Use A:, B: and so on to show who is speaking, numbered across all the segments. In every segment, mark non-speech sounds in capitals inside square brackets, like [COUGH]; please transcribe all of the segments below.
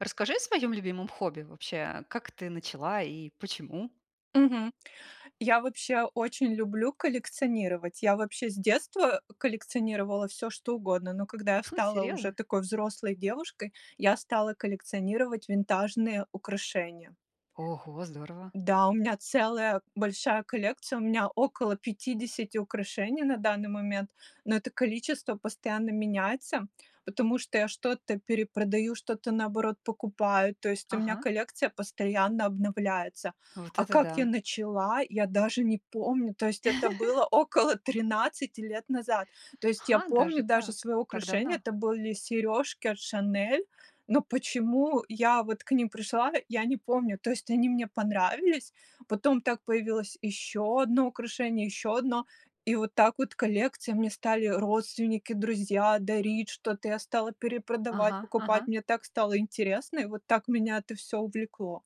A: Расскажи о своем любимом хобби. Вообще, как ты начала и почему?
B: Мгм. Я вообще очень люблю коллекционировать. Я вообще с детства, э, коллекционировала всё, что угодно, но когда я
A: У,
B: стала уже
A: серьезно?
B: такой взрослой девушкой, я стала коллекционировать винтажные украшения.
A: Ого, здорово!
B: Да, у меня целая большая коллекция, у меня около 50 украшений на данный момент, но это количество постоянно меняется, потому что я что-то перепродаю, что-то, наоборот, покупаю, то есть у меня
A: Ага!
B: коллекция постоянно обновляется.
A: Вот
B: А
A: это
B: как я
A: да!
B: начала, я даже не помню. То есть это
A: [CHUCKLES]
B: было около 13 лет назад. То есть я
A: Ха,
B: помню
A: даже
B: даже
A: так.
B: свое
A: Так
B: украшение.
A: давно.
B: Это были сережки от "Шанель", но почему я вот к ним пришла, я не помню. То есть они мне понравились. Потом так появилось еще одно украшение, еще одно, и вот так вот коллекция, мне стали родственники, друзья дарить что-то, я стала перепродавать,
A: Ага
B: покупать,
A: ага.
B: мне так стало интересно, и вот так меня это всё увлекло.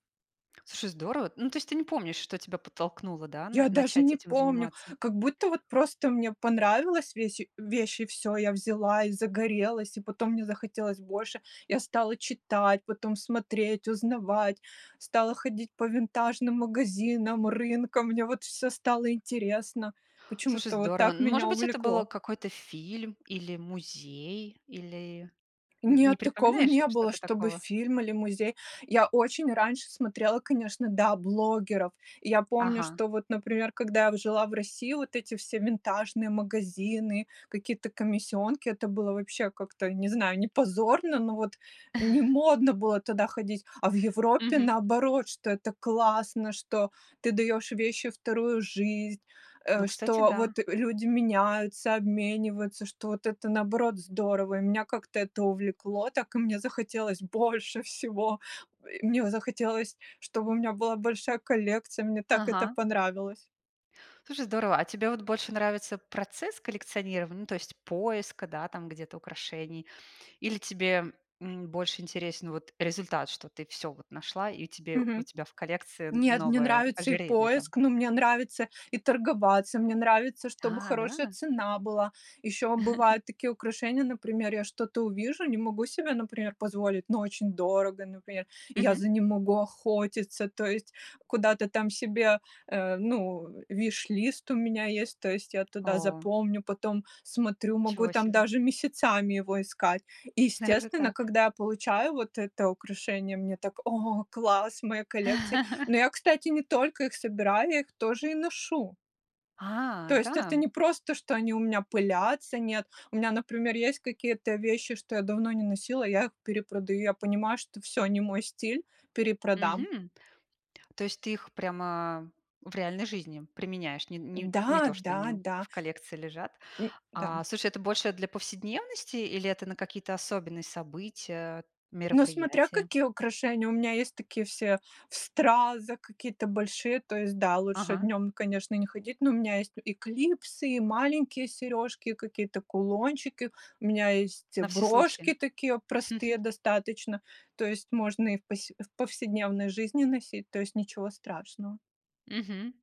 A: Слушай, здорово! Ну, то есть ты не помнишь, что тебя подтолкнуло, да, на
B: Я даже
A: начать
B: не
A: этим
B: помню,
A: заниматься.
B: как будто вот просто мне понравилась весь вещь, и всё, я взяла и загорелась, и потом мне захотелось больше. Я стала читать, потом смотреть, узнавать, стала ходить по винтажным магазинам, рынкам, мне вот всё стало интересно.
A: Слушай,
B: Почему-то вот
A: здорово!
B: так
A: Ну,
B: меня
A: может быть, это был
B: увлекло.
A: какой-то фильм или музей, или нь не
B: Нет, такого
A: припоминаешь
B: не было,
A: что-то
B: чтобы
A: такого?
B: фильм или музей. Я очень раньше смотрела, конечно, да, блогеров. И я помню,
A: Ага.
B: что вот, например, когда я в жила в России, вот эти все винтажные магазины, какие-то комиссионки, это было вообще как-то, не знаю, не позорно, но вот не
A: [CHUCKLES]
B: модно было тогда ходить. А в Европе
A: Мгм.
B: наоборот, что это классно, что ты даешь вещи вторую жизнь, э,
A: Ну, кстати,
B: что
A: да.
B: вот люди меняются, обмениваются, что вот это наоборот здорово, и меня как-то это увлекло, так и мне захотелось больше всего. И мне захотелось, чтобы у меня была большая коллекция, мне так это
A: Ага.
B: понравилось.
A: Слушай, здорово! А тебе вот больше нравится процесс коллекционирования, ну, то есть, поиска, да, там где-то украшений? Или тебе, м, больше интересен вот результат, что ты всё вот нашла и у тебе у
B: Мгм.
A: тебя в коллекции н
B: Нет, мне
A: новое
B: нравится и
A: ожерелье там?
B: поиск, но мне нравится и торговаться, мне нравится, чтобы
A: А,
B: хорошая
A: да?
B: цена была. Еще
A: [CHUCKLES]
B: бывают такие украшения, например, я что-то увижу, не могу себе, например, позволить, но очень дорого, например, и я
A: Мгм.
B: за ним могу охотиться, то есть куда-то там себе. Э, ну, wishlist у меня есть, то есть я туда
A: О.
B: запомню, потом смотрю, могу
A: Ничего
B: там
A: себе!
B: даже месяцами его искать. И
A: Даже
B: естественно,
A: так.
B: когда я получаю вот это украшение, мне так: "О, класс, мои коллекции". Но
A: [LAUGHS]
B: я, кстати, не только их собираю, я их тоже и ношу.
A: А,
B: То есть это
A: да!
B: не просто, что они у меня пылятся, нет. У меня, например, есть какие-то вещи, что я давно не носила, и я их перепродаю. Я понимаю, что всё, не мой стиль, перепродам.
A: Мгм. То есть ты их прямо в реальной жизни применяешь? Не не не
B: Да,
A: то, что
B: да,
A: они
B: да.
A: в коллекции лежат.
B: М-да.
A: А слушай, это больше для повседневности или это на какие-то особенные события,
B: Но смотря
A: мероприятия?
B: какие украшения, у меня есть такие, все в стразах, какие-то большие, то есть, да, лучше
A: Ага.
B: днем, конечно, не ходить, но у меня есть и клипсы, и маленькие сережки, и какие-то кулончики. У меня есть
A: На все
B: брошки
A: случаи.
B: такие, простые
A: [CHUCKLES]
B: достаточно, то есть можно и в посе в повседневной жизни носить, то есть ничего страшного.
A: Мгм.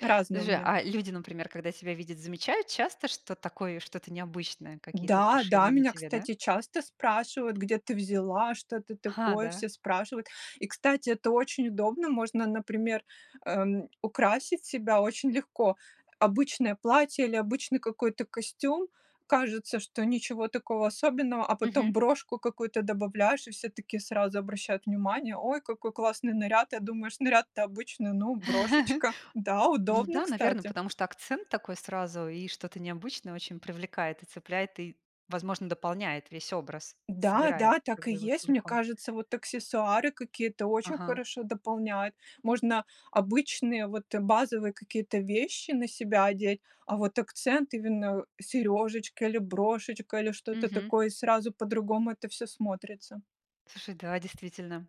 B: Разные у
A: Подожди,
B: меня.
A: а люди, например, когда тебя видят, замечают часто, что такое что-то необычное, какие-то
B: Да-да,
A: украшения на
B: меня,
A: тебе, да?
B: кстати, часто спрашивают: "Где ты взяла? Что это
A: А,
B: такое?"
A: да?
B: Все спрашивают. И, кстати, это очень удобно. Можно, например, эм, украсить себя очень легко. Обычное платье или обычный какой-то костюм- кажется, что ничего такого особенного, а потом
A: Мгм.
B: брошку какую-то добавляешь, и все такие сразу обращают внимание: "Ой, какой классный наряд!" Я думаю, что наряд-то обычный. Ну,
A: [CHUCKLES]
B: брошечка. Да,
A: Ну
B: удобно,
A: да, наверно,
B: кстати.
A: потому что акцент такой сразу и что-то необычное очень привлекает и цепляет, и, возможно, дополняет весь образ.
B: Да,
A: Собирает,
B: да, так
A: как
B: и
A: бы, его
B: есть. Мне
A: целиком.
B: кажется, вот аксессуары какие-то очень
A: Ага.
B: хорошо дополняют. Можно обычные, вот, базовые какие-то вещи на себя одеть, а вот акцент- именно серёжечка или брошечка, или что-то
A: Мгм.
B: такое, и сразу по-другому это всё смотрится.
A: Слушай, да, действительно.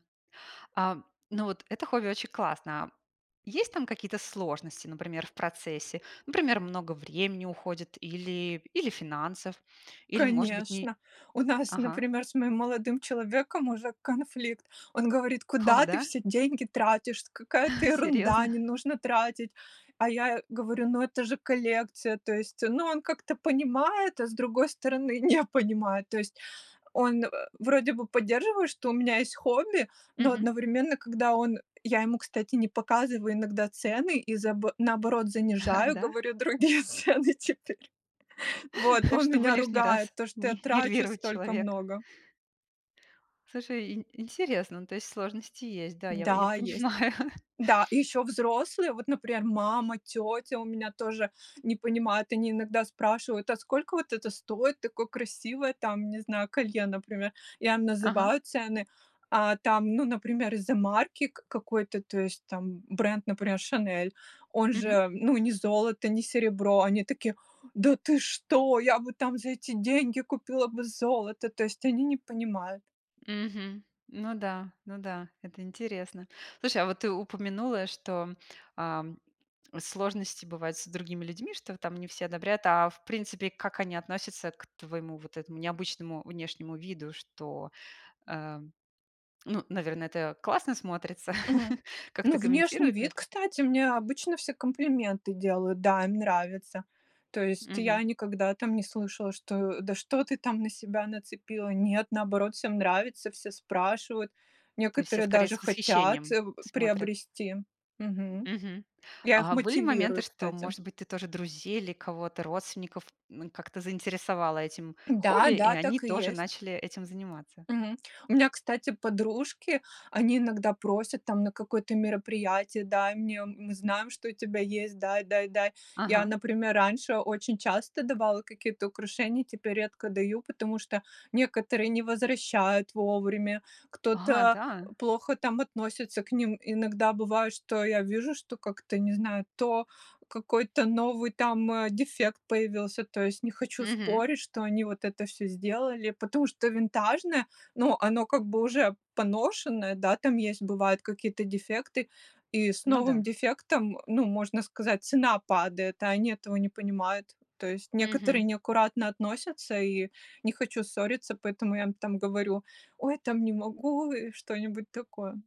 A: А, м, ну вот это хобби очень классное. Есть там какие-то сложности, например, в процессе? Например, много времени уходит или или финансов, или, может быть, не
B: Конечно. У нас,
A: Ага.
B: например, с моим молодым человеком уже конфликт. Он говорит:
A: О
B: "Куда ты
A: да?
B: все деньги тратишь? Какая-то ерунда,
A: Серьезно?
B: не нужно тратить!" А я говорю: "Ну это же коллекция". То есть, ну, он как-то понимает, а с другой стороны не понимает. То есть он, э, вроде бы поддерживает, что у меня есть хобби, но
A: Мгм.
B: одновременно, когда он я ему, кстати, не показываю иногда цены и за наоборот
A: А,
B: занижаю,
A: да?
B: говорю другие цены теперь. Вот
A: [CHUCKLES]
B: он
A: Чтобы
B: меня
A: лишний
B: ругает
A: раз
B: за то, что я
A: не
B: трачу
A: нервировать
B: столько
A: человека.
B: много.
A: Слушай, и интересно. Ну, то есть сложности есть. Да, я в я
B: Да, есть.
A: понимаю.
B: Да, и ещё взрослые, вот, например, мама, тетя у меня тоже не понимают. Они иногда спрашивают: "А сколько вот это стоит, такое красивое там, не знаю, колье, например?" Я им
A: Ага.
B: называю цены, а там, ну, например, из-за марки к какой-то, то есть там бренд, например, "Шанель", он
A: Мгм.
B: же, ну, не золото, не серебро, они такие: "Да ты что, я бы там за эти деньги купила бы золото"- то есть они не понимают.
A: Мгм. Ну да, ну да, это интересно. Слушай, а вот ты упомянула, что, ам, сложности бывают с другими людьми, что там не все одобряют. А в принципе, как они относятся к твоему вот этому необычному внешнему виду, что, эм, ну, наверно, это классно смотрится,
B: Мгм.
A: [CHUCKLES]
B: Ну,
A: как-то
B: внешний
A: комментируют
B: вид,
A: это?
B: кстати, мне обычно все комплименты делают, да, им нравится. То есть я
A: Мгм.
B: никогда там не слышала, что: "Да что ты там на себя нацепила?" Нет, наоборот, всем нравится, все спрашивают,
A: То есть все
B: некоторые
A: скорее
B: даже
A: с
B: хотят,
A: восхищением
B: э,
A: смотрят?
B: приобрести. Мгм.
A: Мгм.
B: Я их
A: А были моменты,
B: мотивирую,
A: что,
B: кстати.
A: может быть, ты тоже друзей или кого-то, родственников, м, как-то заинтересовала этим
B: Да
A: хобби, и
B: да,
A: они
B: так и
A: тоже
B: есть.
A: начали этим заниматься?
B: Мгм. У меня, кстати, подружки, они иногда просят там на какое-то мероприятие: "Дай мне, мы знаем, что у тебя есть, дай, дай, дай". Я,
A: Ага.
B: например, раньше очень часто давала какие-то украшения, теперь редко даю, потому что некоторые не возвращают вовремя,
A: Ага,
B: кто-то
A: да?
B: плохо там относится к ним. Иногда бывает, что я вижу, что как-то, не знаю, то какой-то новый там, э, дефект появился. То есть не хочу
A: Мгм.
B: спорить, что они вот это всё сделали, потому что винтажное, ну, оно как бы уже поношенное, да, там есть, бывают какие-то дефекты, и с
A: Ну
B: новым
A: да.
B: дефектом, ну, можно сказать, цена падает, а они этого не понимают. То есть некоторые
A: Мгм.
B: неаккуратно относятся, и не хочу ссориться, поэтому я им там говорю: "Ой, там не могу", и что-нибудь такое.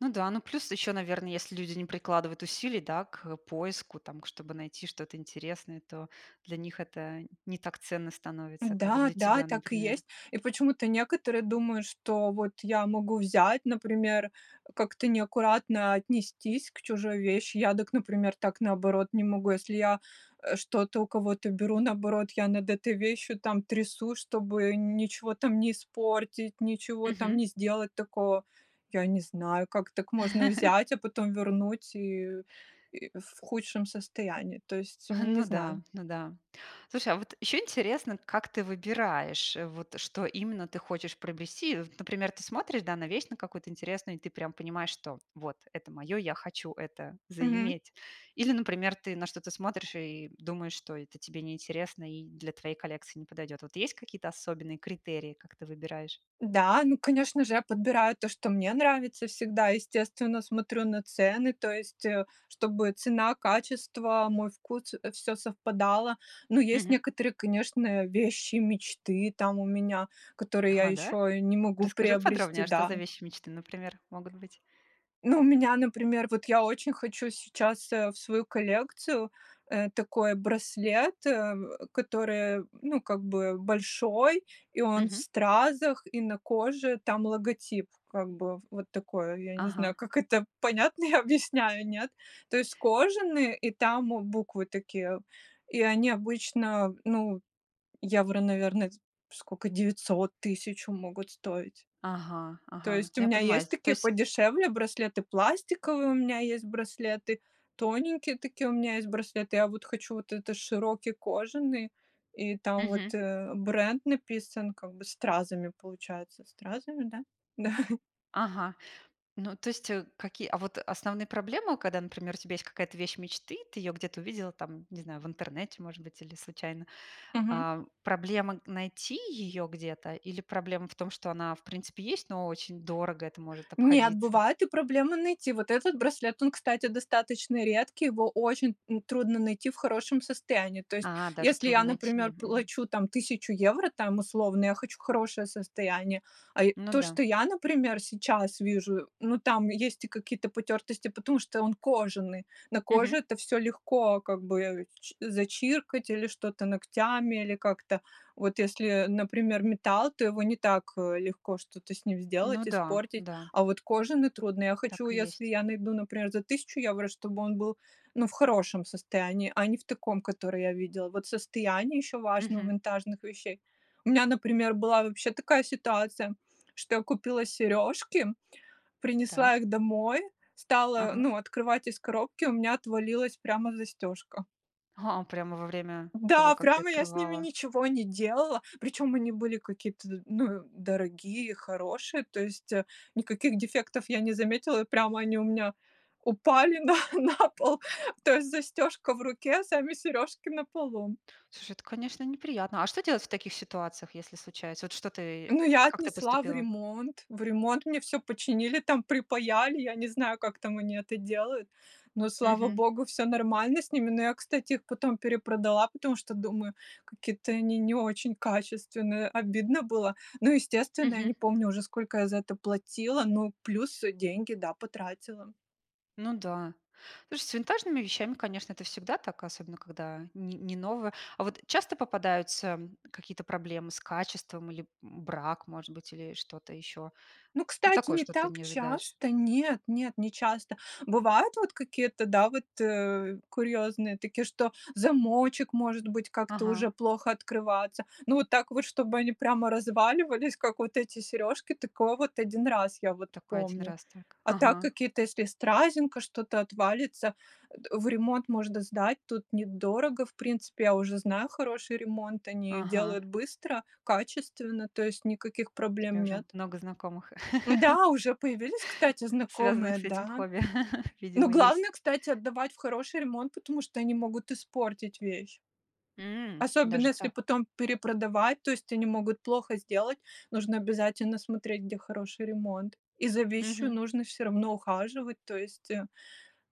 A: Ну да, ну плюс ещё, наверно, если люди не прикладывают усилий, да, к поиску, там к чтобы найти что-то интересное, то для них это не так ценно становится, как
B: Да,
A: для
B: да,
A: тебя,
B: так и
A: например.
B: есть. И почему-то некоторые думают, что вот я могу взять, например, как-то неаккуратно отнестись к чужой вещи. Я дак, например, так, наоборот, не могу. Если я, э, что-то у кого-то беру, наоборот, я над этой вещью там трясусь, чтобы н ничего там не испортить, ничего там
A: Мгм.
B: не сделать такого. Я не знаю, как так можно
A: [CHUCKLES]
B: взять, а потом вернуть и и в худшем состоянии. То есть
A: [CHUCKLES] А,
B: не
A: ну
B: знаю.
A: да, ну да. Слушай, а вот ещё интересно, как ты выбираешь, вот что именно ты хочешь приобрести. Вот, например, ты смотришь, да, на вещь на какую-то интересную, и ты прям понимаешь, что вот это моё, я хочу это
B: Мгм.
A: заиметь. Или, например, ты на что-то смотришь и думаешь, что это тебе неинтересно и для твоей коллекции не подойдет. Вот есть какие-то особенные критерии, как ты выбираешь?
B: Да, ну конечно же, я подбираю то, что мне нравится всегда. Естественно, смотрю на цены, то есть, э, чтобы цена, качество, мой вкус, э, всё совпадало. Но есть
A: Мгм.
B: некоторые, конечно, вещи мечты там у меня, которые я
A: Ага. Да?
B: еще не могу
A: Расскажи
B: приобрести,
A: подробнее, а что
B: да.
A: за вещи мечты, например, могут быть?
B: Ну, у меня, например, вот я очень хочу сейчас, э, в свою коллекцию, э, такой браслет, э, который, м, ну, как бы большой, и он в
A: Мгм.
B: стразах, и на коже там логотип, как бы вот такое, я не
A: Ага.
B: знаю, как это понятно я объясняю, нет? То есть кожаный, и там буквы такие, и они обычно, ну, евро, наверно, дь скока 900-1000 могут стоить.
A: Ага.
B: То
A: Ага.
B: есть у
A: Ну, я
B: меня
A: понимаю,
B: есть
A: сь то
B: такие
A: есть.
B: подешевле браслеты пластиковые, у меня есть браслеты тоненькие такие, у меня есть браслеты. Я вот хочу вот это широкий кожаный, и там вот,
A: Мгм.
B: э, бренд написан, как бы, стразами, получается, стразами, да? Да.
A: Ага. Ну, то есть, э, какие, а вот основные проблемы, когда, например, у тебя есть какая-то вещь мечты, ты её где-то увидела там, не знаю, в интернете, может быть, или случайно?
B: Мгм.
A: Ам, проблема найти её где-то, или проблема в том, что она в принципе есть, но очень дорого это может
B: Нет,
A: обходиться?
B: бывает и проблема найти. Вот этот браслет, он, кстати, достаточно редкий, его очень, м, трудно найти в хорошем состоянии. То есть,
A: А, даже
B: если
A: трудно
B: я,
A: найти.
B: например,
A: Мгм.
B: плачу там 1 000 евро, там условно, я хочу хорошее состояние, а, и
A: Ну
B: то,
A: да.
B: что я, например, сейчас вижу, ну, там есть и какие-то потертости, потому что он кожаный, на коже
A: Мгм.
B: это всё легко как бы чи зачиркать или что-то ногтями, или как-то. Вот если, например, металл, то его не так, э, легко что-то с ним
A: Ну
B: сделать,
A: да,
B: испортить,
A: да.
B: а вот кожаный трудно. Я хочу,
A: Так и
B: если
A: есть.
B: я найду, например, за 1 000 евро, чтобы он был, ну, в хорошем состоянии, а не в таком, которое я видела. Вот состояние еще важно у
A: Мгм.
B: винтажных вещей. У меня, например, была вообще такая ситуация, что я купила сережки, принесла
A: Так.
B: их домой, стала,
A: Ага.
B: ну, открывать из коробки, у меня отвалилась прямо застежка.
A: Ха. Прямо во время того,
B: Да,
A: как ты
B: прямо я с ними
A: открывала.
B: ничего не делала, причем они были какие-то, ну, дорогие, хорошие, то есть, э, никаких дефектов я не заметила, и прямо они у меня упали на на пол. То есть застежка в руке, сами сережки на полу.
A: Слушай, это, конечно, неприятно. А что делать в таких ситуациях, если случается? Вот что ты?
B: Ну, я
A: Как ты
B: отнесла в
A: поступила?
B: ремонт. В ремонт мне всё починили там, припаяли. Я не знаю, как там они это делают, но, слава
A: Мгм.
B: богу, всё нормально с ними. Но я, кстати, их потом перепродала, потому что, думаю, какие-то они не очень качественные, обидно было. Ну, естественно, я не
A: Мгм.
B: помню уже, сколько я за это платила, ну плюс деньги, да, потратила.
A: Ну да. Слушай, с винтажными вещами, конечно, это всегда так, особенно когда не не новое. А вот часто попадаются какие-то проблемы с качеством или, м, брак может быть или что-то ещё?
B: Ну,
A: Ну,
B: кстати,
A: такое,
B: не
A: что ты
B: так
A: не ожидаешь.
B: часто, нет нет, не часто. Бывают вот какие-то, да, вот, э, курьезные такие, что замочек, может быть, как-то
A: Ага.
B: уже плохо открываться. Ну вот так вот, чтобы они прямо разваливались, как вот эти сережки, такое вот 1 раз я вот
A: Такой 1
B: помню.
A: раз так.
B: А так
A: Ага.
B: какие-то, если стразинка, что-то отвалится, а, э, в ремонт можно сдать, тут недорого. В принципе, я уже знаю хороший ремонт, они ее делают
A: Ага.
B: быстро, качественно, то есть никаких
A: У тебя
B: проблем
A: уже
B: нет.
A: много знакомых [LAUGHS]
B: Да, уже появились, кстати,
A: связанных
B: знакомые,
A: с этим
B: да.
A: хобби. [LAUGHS]
B: Но
A: Видимо, есть.
B: главное, кстати, отдавать в хороший ремонт, потому что они могут испортить вещь.
A: М!
B: Особенно
A: Даже
B: если
A: так.
B: потом перепродавать, то есть они могут плохо сделать. Нужно обязательно смотреть, где хороший ремонт, и за вещью
A: Мгм.
B: нужно всё равно ухаживать. То есть, э,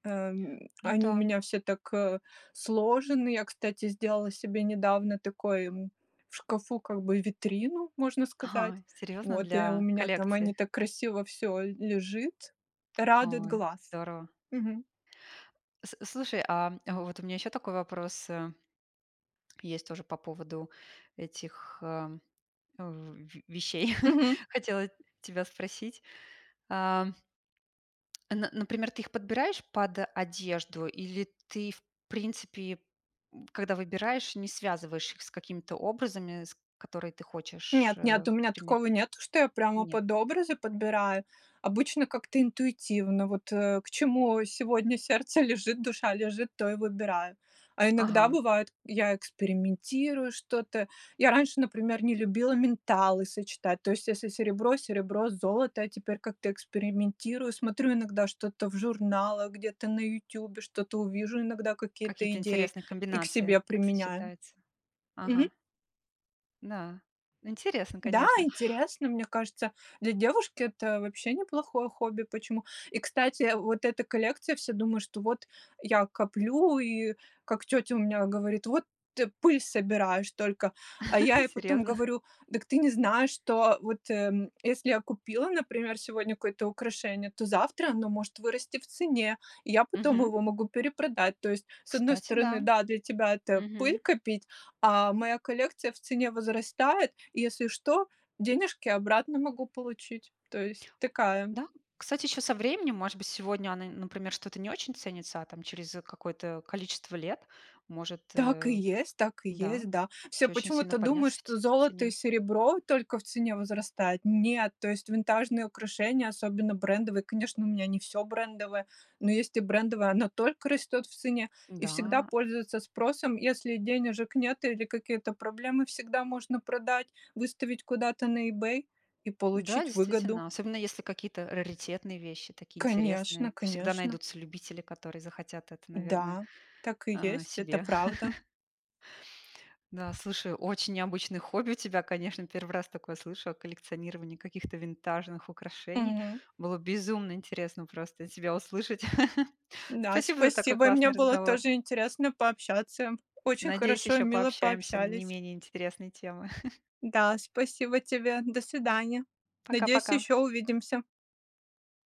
B: э, м,
A: Ну
B: они у
A: да.
B: меня все так, э, сложены. Я, кстати, сделала себе недавно такой, м, в шкафу как бы витрину, можно сказать.
A: Ага. Серьезно?
B: Вот, и у
A: Для
B: меня там они
A: коллекции?
B: так красиво всё л лежит,
A: [TSK]
B: радует
A: Какое!
B: глаз.
A: Здорово!
B: Мгм.
A: С слушай, а вот у меня ещё такой вопрос, э, есть тоже по поводу этих, э, в вещей. [CHUCKLES]
B: Мгм.
A: Хотела тебя спросить. А, [TSK] н на э, например, ты их подбираешь под одежду или ты, в принципе, м, когда выбираешь, не связываешь их с какими-то образами, с которые ты хочешь,
B: Нет, нет,
A: э,
B: у меня
A: примерить?
B: такого нету, что я прямо
A: Нет.
B: под образы подбираю. Обычно как-то интуитивно, вот, э, к чему сегодня сердце лежит, душа лежит, то и выбираю. А иногда
A: Ага.
B: бывает, я экспериментирую что-то. Я раньше, например, не любила металлы сочетать, то есть если серебро- серебро, золото- золото, я теперь как-то экспериментирую, смотрю иногда что-то в журналах, где-то на "Ютюбе", что-то увижу иногда, какие-то
A: Какие-то
B: идеи
A: интересные
B: и к
A: комбинации,
B: себе
A: как
B: применяю.
A: сочетаются.
B: Мгм.
A: Ага. Да, интересно,
B: Да,
A: конечно.
B: интересно, мне кажется, для девушки это вообще неплохое хобби. Почему? И, кстати, э, вот эта коллекция, все думают, что вот я коплю, и как тетя у меня говорит: "Вот ты пыль собираешь только!" А я
A: [LAUGHS]
B: ей потом
A: Серьезно?
B: говорю: "Дак ты не знаешь, что вот, э, если я купила, например, сегодня какое-то украшение, то завтра оно может вырасти в цене, и я потом
A: Мгм.
B: его могу перепродать". То есть, с одной
A: Кстати, да.
B: стороны, да, для тебя это пыль
A: Мгм.
B: копить, а моя коллекция в цене возрастает, и, если что, денежки обратно могу получить. То есть такая
A: Да, кстати, ещё со временем, может быть, сегодня она, н например, что-то не очень ценится, а там через какое-то количество лет может,
B: Так и
A: э,
B: есть так и
A: да,
B: есть, да. Все
A: очень-очень сильно
B: почему-то думают,
A: подняться в ц
B: что
A: в
B: золото и
A: цене.
B: серебро только в цене возрастает. Нет, то есть винтажные украшения, особенно брендовые, конечно, у меня не всё брендовое, но есть и брендовое- оно только растет в цене и всегда
A: Да.
B: пользуется спросом. Если денежек нет или какие-то проблемы, всегда можно продать, выставить куда-то на Ebay и
A: Да,
B: получить выгоду.
A: действительно, особенно если какие-то раритетные вещи, такие интересные,
B: Конечно,
A: то всегда
B: конечно!
A: найдутся любители, которые захотят это, наверное,
B: Да, так и
A: а,
B: есть, это
A: себе.
B: правда!
A: [CHUCKLES] Да, слушай, очень необычное хобби у тебя, конечно! 1 раз такое слышу о коллекционировании каких-то винтажных украшений.
B: Мгм.
A: Было безумно интересно просто тебя услышать! [CHUCKLES]
B: Да,
A: Спасибо за такой
B: спасибо! И мне
A: классный
B: было
A: разговор.
B: тоже интересно пообщаться. Очень
A: Надеюсь,
B: хорошо и
A: еще
B: мило
A: пообщаемся на не
B: пообщались.
A: менее интересные темы. [CHUCKLES]
B: Да, спасибо тебе. До свидания. Надеюсь,
A: Пока-пока.
B: еще увидимся.